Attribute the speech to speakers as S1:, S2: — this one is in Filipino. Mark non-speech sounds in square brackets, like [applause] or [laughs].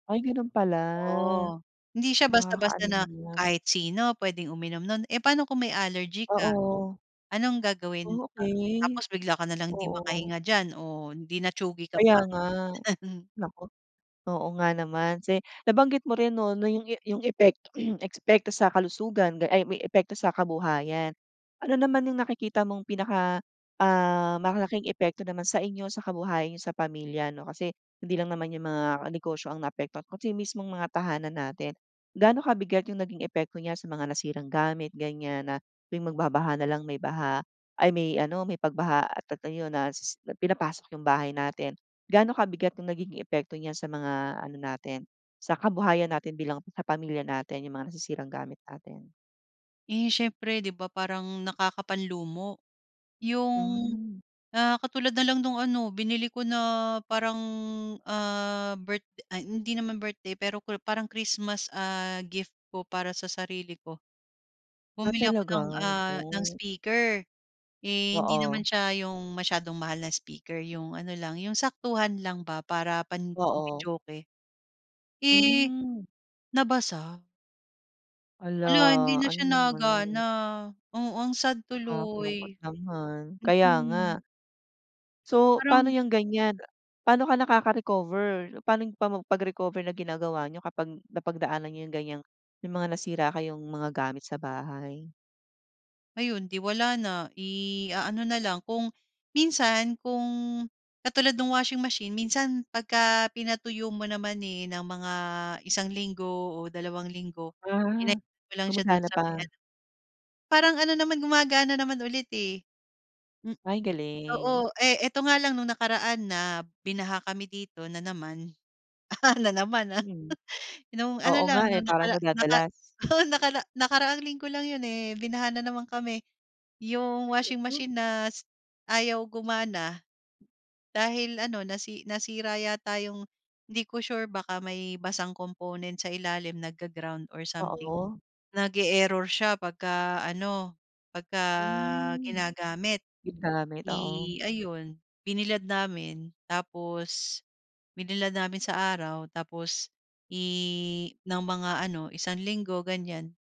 S1: Ay gano'n pala.
S2: Oh, hindi siya basta-basta
S1: Nakakaano
S2: na
S1: naman.
S2: kahit sino pwedeng uminom no'n. Eh, paano kung may allergy ka?
S1: Oo.
S2: Anong gagawin
S1: O
S2: a
S1: okey,
S2: tapos bigla ka na lang hindi
S1: oo.
S2: makahinga diyan o di na-tsugi ka
S1: Kaya
S2: pa.
S1: nga.
S2: [laughs]
S1: Naku. Oo nga naman. Kasi nabanggit mo rin 'no, na yung e yung epekto [clears throat] epekto sa kalusugan ay may epekto sa kabuhayan. Ano naman yung nakikita mong pinaka, ah, malaking epekto naman sa inyo, sa kabuhayan niyo sa pamilya 'no? Kasi hindi lang naman yung mga negosyo ang naapektuhan kasi mismong mga tahanan natin. Gaano kabigat yung naging epekto niya sa mga nasirang gamit, ganyan, na tuwing magbabaha na lang may baha ay may ano, may pagbaha at a ayun na s s pinapasok yung bahay natin. Gaano kabigat yung nagiging epekto niya sa mga ano natin, sa kabuhayan natin bilang sa pamilya natin, yung mga nasisirang gamit natin?
S2: Eh, siyempre 'di ba parang nakakapanlumo yung,
S1: Mm.
S2: ah, katulad na lang nong ano, binili ko na parang, ah, birth ay hindi naman birthday, pero kri parang Christmas, ah, gift ko para sa sarili ko.
S1: Ah
S2: Bumili ako
S1: talaga,
S2: ng,
S1: naku.
S2: ah, ng speaker. Eh, hindi naman
S1: Oo.
S2: siya yung masyadong mahal na speaker, yung ano lang, yung saktuhan lang ba para
S1: Oo.
S2: pang-videoke. Eh,
S1: Mm.
S2: nabasa.
S1: Hala!
S2: Hala, hindi na
S1: Ano
S2: siya
S1: 'yong
S2: nagana
S1: ano.
S2: oo. Ang sad
S1: Nakakalungkot
S2: tuloy,
S1: naman, kaya nga.
S2: mm.
S1: So,
S2: Parang
S1: paano yung ganyan. Paano ka nakaka-recover? Paano yung pa pag-recover na ginagawa niyo kapag napagdaanan niyo yung ganyang may mga nasira kayong mga gamit sa bahay?
S2: Ayun, 'di wala na. Iaano na lang, kung minsan kung katulad no'ng washing machine, minsan pagka pinatuyo mo naman, eh, ng mga isang linggo o dalawang linggo,
S1: Ah,
S2: pinainit mo lang siya do'n
S1: gumagana
S2: sa may
S1: pa?
S2: ano Parang ano naman, gumagana naman ulit, eh. M
S1: Ay galing.
S2: oo. Eh, 'eto nga lang no'ng nakaraan na binaha kami dito na naman, [laughs] na naman, ah.
S1: Mm.
S2: [chuckles] No'ng ano
S1: Oo
S2: lang,
S1: nga, eh,
S2: no'ng
S1: parang
S2: nakara naka
S1: nadadalas.
S2: oo, nakara nakaraang linggo lang 'yon, eh, binaha na naman kami. Yung washing
S1: Mhm.
S2: machine na s ayaw gumana dahil ano, nasi nasira yata yung hindi ko sure, baka may basang component sa ilalim nagga-ground or something.
S1: Oo.
S2: Nag-e-error siya pagka ano, pagka
S1: Hmm.
S2: ginagamit
S1: Yung gamit, oo.
S2: i ayun, binilad namin. Tapos binilad namin sa araw, tapos i ng mga ano, isang linggo, ganyan.